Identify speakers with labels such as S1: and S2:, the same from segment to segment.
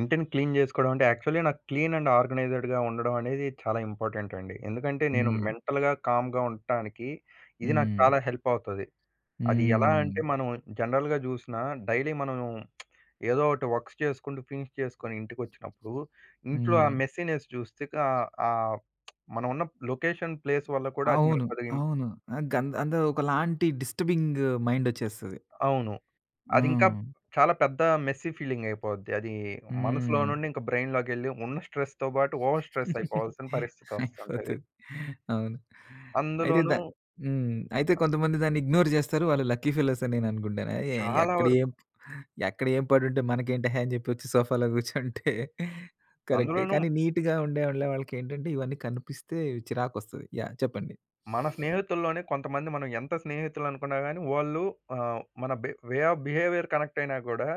S1: ఇంటిని క్లీన్ జేస్కోవడమంటే యాక్చువల్లి నాకు క్లీన్ అండ్ ఆర్గనైజ్డ్‌‌గా ఉండడమనేది చాలా ఇంపార్టెంట్ అండి. ఎందుకంటే నేను
S2: హ్మ్.
S1: మెంటల్‌గా, కామ్‌గా ఉంటానికి ఇది నాకు
S2: హ్మ్.
S1: చాలా హెల్ప్ అవుతది. అది
S2: హ్మ్.
S1: ఎలా
S2: హ్మ్.
S1: అంటే
S2: హ్మ్.
S1: మనం జనరల్‌గా జూసినా, డైలీ మనం ఏదో ఒకటి వర్క్స్ చేసుకుంటూ ఫినిష్ చేసుకొని ఇంటికొచ్చినప్పుడు ఇంట్లో ఆ
S2: హ్మ్.
S1: మెస్సీనెస్ జూస్తే ఆహ్, ఆహ్, మనమున్న లొకేషన్, ప్లేస్ వల్ల కూడా అది మనకి
S2: అవును.
S1: కొద్దిగా
S2: అవును. ఆహ్, గ అంద ఒకలాంటి డిస్టర్బింగ్ మైండ్ ఒచ్చేస్తది.
S1: అవును. అదింకా
S2: హ్మ్.
S1: చాలా పెద్ద మెస్సీ ఫీలింగ్ అయిపోద్ది. అది మనసులో
S2: హ్మ్.
S1: నుండి ఇంకా బ్రైన్ లోకెళ్ళి ఉన్న స్ట్రెస్‌తో పాటు ఓవర్ స్ట్రెస్ అయిపోవాల్సిన పరిస్థితి వస్తుంటది.
S2: అయిపోతది. అవును. అయితే ద
S1: అందులోనూ
S2: హ్మ్. అయితే కొంతమంది దాన్ని ఇగ్నోర్ జేస్తారు. వాళ్ళు లక్కీ ఫెలోస్ అని నేననుకుంటాను. ఎ
S1: చాలా
S2: ఎక్కడ
S1: వరకు.
S2: ఏం, ఎక్కడ ఏం పడుంటే మనకేంటేహే అని చేపొచ్చి సోఫాలో కూర్చుంటే కరెక్టే
S1: అందులోనూ
S2: కానీ నీట్‌గా ఉండే వాళ్ళకేంటంటే ఇవన్నీ కనిపిస్తే చిరాకొస్తది యాహ్! చెప్పండి.
S1: మన స్నేహితుల్లోనే కొంతమంది మనం ఎంత స్నేహితులనుకున్నా గాని, వాళ్ళు ఆహ్, మన బె వే అఫ్ బిహేవియర్ కనెక్ట్ అయినా గూడా,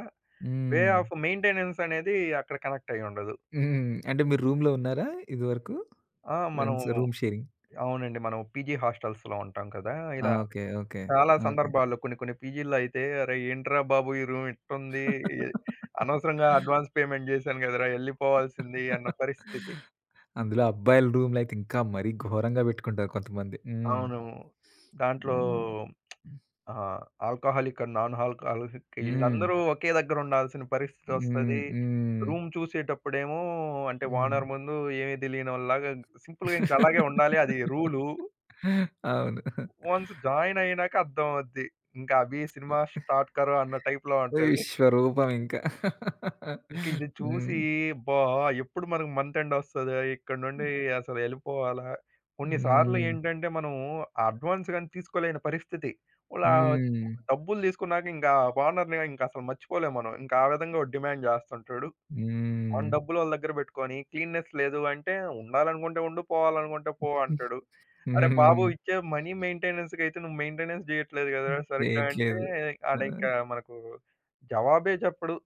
S1: వే
S2: హ్మ్.
S1: అఫ్ మెయింటెనెన్స్ అనేది అక్కడ కనెక్ట్ అయ్యుండదు.
S2: హ్మ్. అంటే మీరు రూమ్‌లో ఉన్నారా ఇదివరకు?
S1: ఆ! మనం
S2: ఫ్రెండ్స్ రూమ్ షేరింగ్.
S1: అవునండి. మనం పీజీ హాస్టల్స్‌లో ఉంటాం కదా!
S2: ఆ!
S1: ఇలా
S2: ఓకే. ఓకే.
S1: చాలా
S2: ఓకే.
S1: సందర్భాల్లో కొన్ని కొన్ని పీజీ‌ల్లో అయితే అరేయ్ ఏంట్రా బాబు! ఈ రూమ్ ఇట్టుంది. అనవసరంగా అడ్వాన్స్ పేమెంట్ చేశాను గదరా! ఎళ్లిపోవాల్సింది అన్న పరిస్థితి.
S2: అందులో అబ్బాయిలు రూమ్‌లయితే ఇంకా మరీ ఘోరంగా పెట్టుకుంటారు కొంతమంది. హ్మ్.
S1: అవును. దాంట్లో
S2: హ్మ్. హ్మ్.
S1: ఆహ్, ఆల్కహాలిక్ అండ్ నాన్ ఆల్కహాలిక్
S2: హ్మ్.
S1: ఈళ్ళందరూ ఒకే దగ్గరుండాల్సిన
S2: హ్మ్.
S1: పరిస్తితోస్తది.
S2: హ్మ్.
S1: రూమ్ చూసేటప్పుడేమో అంటే
S2: హ్మ్.
S1: ఓనర్ ముందు ఏమి తెలియానోల్లాగ సింపుల్‌గా ఇంకాలాగే ఉండాలి. అది రూలు.
S2: అవును.
S1: వన్స్ జాయిన్ అయినాక అర్ధమవుద్ది. ఇంకా అభి సినిమా స్టార్ట్ కరో అన్న టైప్‌లో ఉంటది.
S2: విశ్వరూపం ఇంకా.
S1: ఇంకిది చూసి
S2: హ్మ్.
S1: అబ్బా! ఎప్పుడు మనకు మంత్ ఎండ్ ఒస్తదా? ఇక్కడ్నుండి
S2: హ్మ్.
S1: అసలు ఎళ్ళిపోవాలా కొన్ని సార్లు
S2: హ్మ్.
S1: ఏంటంటే మనము అడ్వాన్స్ గాని తీసుకోలేని పరిస్థితి. ఓ ఆహ్,
S2: హ్మ్.
S1: డబ్బులు తీసుకున్నాక ఇంకా ఓనర్‌ని ఇంకసలు మర్చిపోలేము మనం. ఇంకా ఆ విధంగా వాడు డిమాండ్ చేస్తుంటాడు. వాన్
S2: హ్మ్.
S1: డబ్బులోళ్ళ దగ్గర పెట్టుకొని క్లీన్‌నెస్ లేదు అంటే ఉండాలనుకుంటే ఉండు పోవాలనుకుంటే పో అంటాడు. అరె బాబు!
S2: హ్మ్.
S1: ఇచ్చే మనీ మెయింటెనెన్స్ కైతే నువ్వు మెయింటెనెన్స్ చెయ్యట్లేదు గదా! సరిగ్గా అంటే
S2: చేయట్లేదు. ఆ!
S1: ఆడింకా మనకు జవాబే చెప్పడు.